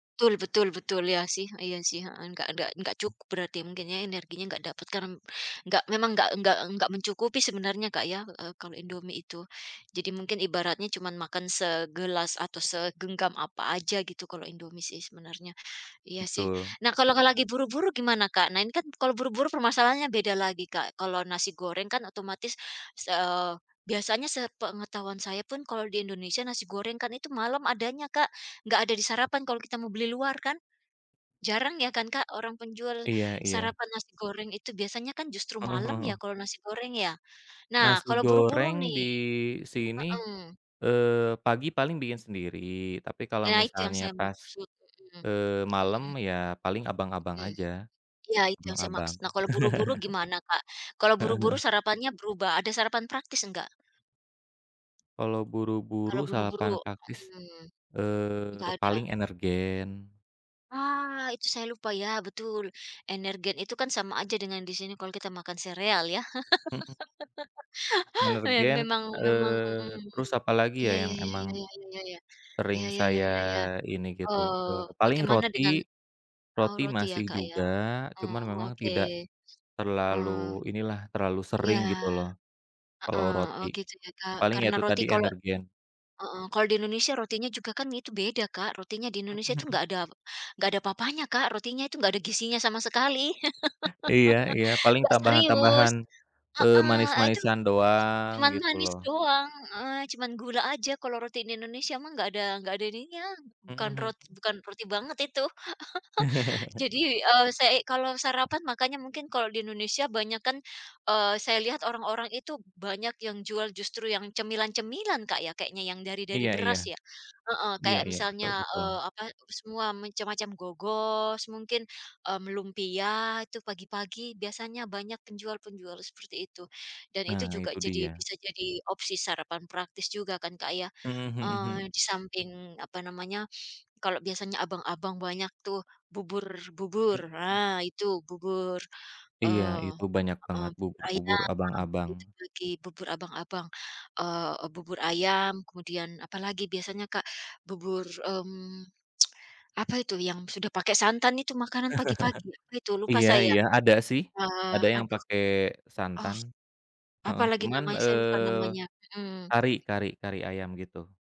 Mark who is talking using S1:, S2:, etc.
S1: Betul betul betul iya sih iya sih, heeh, enggak enggak enggak cukup berarti mungkin ya energinya enggak dapet karen enggak memang enggak enggak enggak mencukupi sebenarnya Kak ya, eee, kalo Indomie itu jadi mungkin ibaratnya cuman makan segelas atau segenggam apa aja gitu kalo Indomie sih sebenarnya iya sih
S2: Betul.
S1: nah kalo lagi buru-buru gimana Kak? Nah ini kan kalo buru-buru permasalahannya beda lagi Kak kalo nasi goreng kan otomatis, eee, biasanya sepengetahuan saya pun kalo di Indonesia nasi goreng kan itu malam adanya Kak, nggak ada di sarapan kalo kita mau beli luar kan? Jarang ya kan Kak orang penjual
S2: Iya iya.
S1: sarapan nasi goreng itu biasanya kan justru
S2: Heeh
S1: malam
S2: heeh.
S1: ya kalo nasi goreng ya? Nah
S2: Nasi
S1: kalo buru-buru
S2: goreng
S1: nih
S2: di sini,
S1: heeh.
S2: eee, pagi paling bikin sendiri tapi kalau
S1: Nah itu yang
S2: misalnya
S1: saya
S2: pas,
S1: maksud, mhm
S2: eee, malem
S1: mhm.
S2: ya paling abang-abang
S1: Mmm,
S2: aja,
S1: iya itu yang saya
S2: abang-abang.
S1: maksud nah kalo buru-buru gimana Kak? Kalo
S2: Heeh
S1: buru-buru
S2: heeh.
S1: sarapannya berubah ada sarapan praktis enggak?
S2: Kalo
S1: Kalo
S2: buru-buru
S1: buru-buru,
S2: sarapan praktis,
S1: mhm,
S2: eee,
S1: enggak ada?
S2: paling Energen.
S1: Ah, itu saya lupa ya betul Energen itu kan sama aja dengan di sini kalo kita makan sereal ya?
S2: Mhm.
S1: Ya
S2: Energen,
S1: memang memang,
S2: eee,
S1: mhm,
S2: terus apalagi ya
S1: Iya iya
S2: yang
S1: iya
S2: emang.
S1: iya iya iya
S2: Sering
S1: iya iya, iya iya iya
S2: saya
S1: iya iya,
S2: ini gitu,
S1: oh
S2: eee, paling
S1: bagaimana dengan,
S2: roti,
S1: tahu
S2: roti
S1: roti ya
S2: masih
S1: Kak ya?
S2: juga
S1: Oh
S2: cuman memang
S1: oke,
S2: tidak, terlalu
S1: mmm,
S2: inilah terlalu
S1: iya,
S2: sering gitu loh, kalo
S1: heeh, oh
S2: roti,
S1: gitu ya Kak
S2: paling ya
S1: karena
S2: itu
S1: roti
S2: tadi
S1: kalo
S2: Energen.
S1: heeh, kalo di Indonesia rotinya juga kan itu beda Kak rotinya di Indonesia itu
S2: Mhm.
S1: nggak ada nggak ada apa-apanya Kak rotinya itu nggak ada gizinya sama sekali
S2: Iya iya paling
S1: enggak serius,
S2: tambahan-tambahan, eee,
S1: heeh, ah, itu,
S2: manis-manisan doang
S1: cuman
S2: gitu
S1: manis
S2: loh.
S1: doang, eee, cuman gula aja kalo roti di Indonesia mah nggak ada nggak ada ininya
S2: Mhm
S1: bukan roti
S2: mhm.
S1: bukan roti banget itu jadi, eee, sei kalo sarapan makannya mungkin kalo di Indonesia banyakan, eee, saya lihat orang-orang itu banyak yang jual justru yang cemilan-cemilan Kak ya? Kayaknya yang dari dari
S2: Iya iya,
S1: beras ya? Heeh,
S2: iya
S1: kayak
S2: iya betul
S1: misalnya,
S2: betul.
S1: eee, apa semua macam-macam gogos mungkin, mmm, lumpia itu pagi-pagi biasanya banyak penjual-penjual seperti itu dan itu
S2: Nah
S1: juga
S2: itu
S1: jadi
S2: dia.
S1: bisa jadi opsi sarapan praktis juga kan Kak ya?
S2: Mhm mhm
S1: Eee,
S2: mhm.
S1: di samping apa namanya, kalo biasanya abang-abang banyak tuh bubur-bubur
S2: Mhm.
S1: nah itu bubur,
S2: Iya
S1: oh,
S2: itu banyak
S1: heeh,
S2: banget
S1: bubur
S2: bubur-bubur
S1: ayam itu
S2: abang-abang.
S1: pagi bubur abang-abang, eee, bubur ayam kemudian apalagi biasanya Kak? Bubur, mmm, apa itu yang sudah pakai santan itu makanan pagi-pagi apa itu lupa
S2: Iya
S1: saya,
S2: iya ada sih,
S1: eee,
S2: ada yang
S1: aduh,
S2: pake
S1: oh,
S2: santan, heeh,
S1: apalagi
S2: cuman,
S1: namanya saya lupa
S2: eee,
S1: namanya, mhm.
S2: kari kari kari ayam gitu.